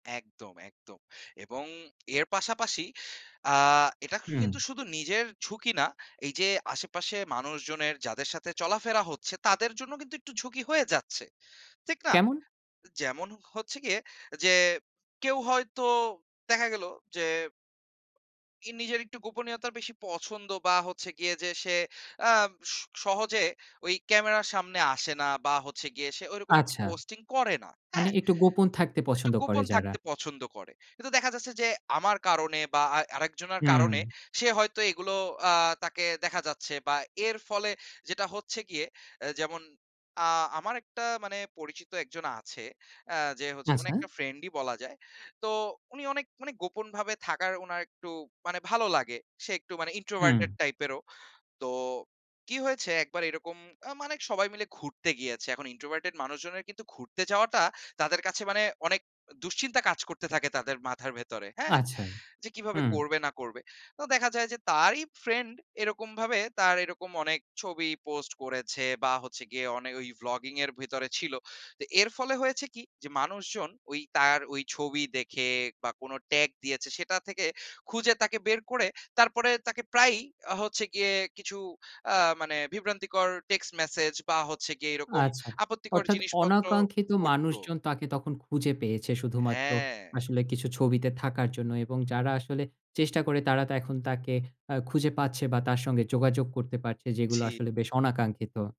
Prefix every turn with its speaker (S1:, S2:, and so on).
S1: একদম, একদম এবং এর পাশাপাশি আ এটাকে
S2: হুম।
S1: কিন্তু শুধু নিজের ঝুঁকি না, এই যে আশেপাশে মানুষজনের যাদের সাথে চলাফেরা হচ্ছে তাদের জন্যও কিন্তু একটু ঝুঁকি হয়ে যাচ্ছে, ঠিক না?
S2: কেমন?
S1: যেমন হচ্ছে গিয়ে যে কেউ হয়তো দেখা গেল যে ই নিজের একটু গোপনীয়তার বেশি পছন্দ বা হচ্ছে গিয়ে যে সে আ স সহজে ওই ক্যামেরার সামনে আসে না বা হচ্ছে গিয়ে সে ঐরকম একটা
S2: আচ্ছা,
S1: পোস্টিং করে না,
S2: মানে
S1: হ্যাঁ?
S2: একটু গোপন থাকতে
S1: একটু
S2: পছন্দ করে
S1: গোপন
S2: যারা।
S1: থাকতে পছন্দ করে। কিন্তু দেখা যাচ্ছে যে, আমার কারণে বা আ আরেকজনার কারণে
S2: উম
S1: সে হয়তো এগুলো আ তাকে দেখা যাচ্ছে বা এর ফলে যেটা হচ্ছে গিয়ে আ যেমন আ আমার একটা মানে পরিচিত ১ জন আছে আ যে হচ্ছে মানে
S2: আচ্ছা।
S1: একটা ফ্রেন্ডই বলা যায়। তো উনি অনেক মানে গোপনভাবে থাকার উনার একটু মানে ভালো লাগে সে একটু মানে introverted
S2: উম
S1: টাইপেরও। তো, কী হয়েছে? একবার এরকম আ মানে সবাই মিলে ঘুরতে গিয়েছে। এখন introverted মানুষজনের কিন্তু ঘুরতে যাওয়াটা তাদের কাছে মানে অনেক অ দুশ্চিন্তা কাজ করতে থাকে তাদের মাথার ভেতরে, হ্যাঁ?
S2: আচ্ছা,
S1: যে কীভাবে
S2: হুম।
S1: করবে না করবে? তো দেখা যায় যে তারই ফ্রেন্ড এরকমভাবে তার এরকম অনেক ছবি পোস্ট করেছে বা হচ্ছে গিয়ে অনে ওই ব্লগিং এর ভিতরে ছিল। তো এর ফলে হয়েছে কী? যে মানুষজন ওই তার ওই ছবি দেখে বা কোন ট্যাগ দিয়েছে সেটা থেকে খুঁজে তাকে বের করে তারপরে তাকে প্রায়ই আ হচ্ছে গিয়ে কিছু আ মানে বিভ্রান্তিকর টেক্সট মেসেজ বা হচ্ছে গিয়ে এরকম
S2: আচ্ছা
S1: আপত্তিকর
S2: অর্থাৎ
S1: জিনিসপত্র
S2: অনাকাঙ্ক্ষিত
S1: করত।
S2: মানুষজন তাকে তখন খুঁজে পেয়েছে শুধুমাত্র
S1: হ্যাঁ।
S2: আসলে কিছু ছবিতে থাকার জন্য এবং যারা আসলে চেষ্টা করে তারা তো এখন তাকে আ খুঁজে পাচ্ছে বা তার সঙ্গে যোগাযোগ করতে পারছে যেগুলো
S1: জি।
S2: আসলে বেশ অনাকাঙ্ক্ষিত।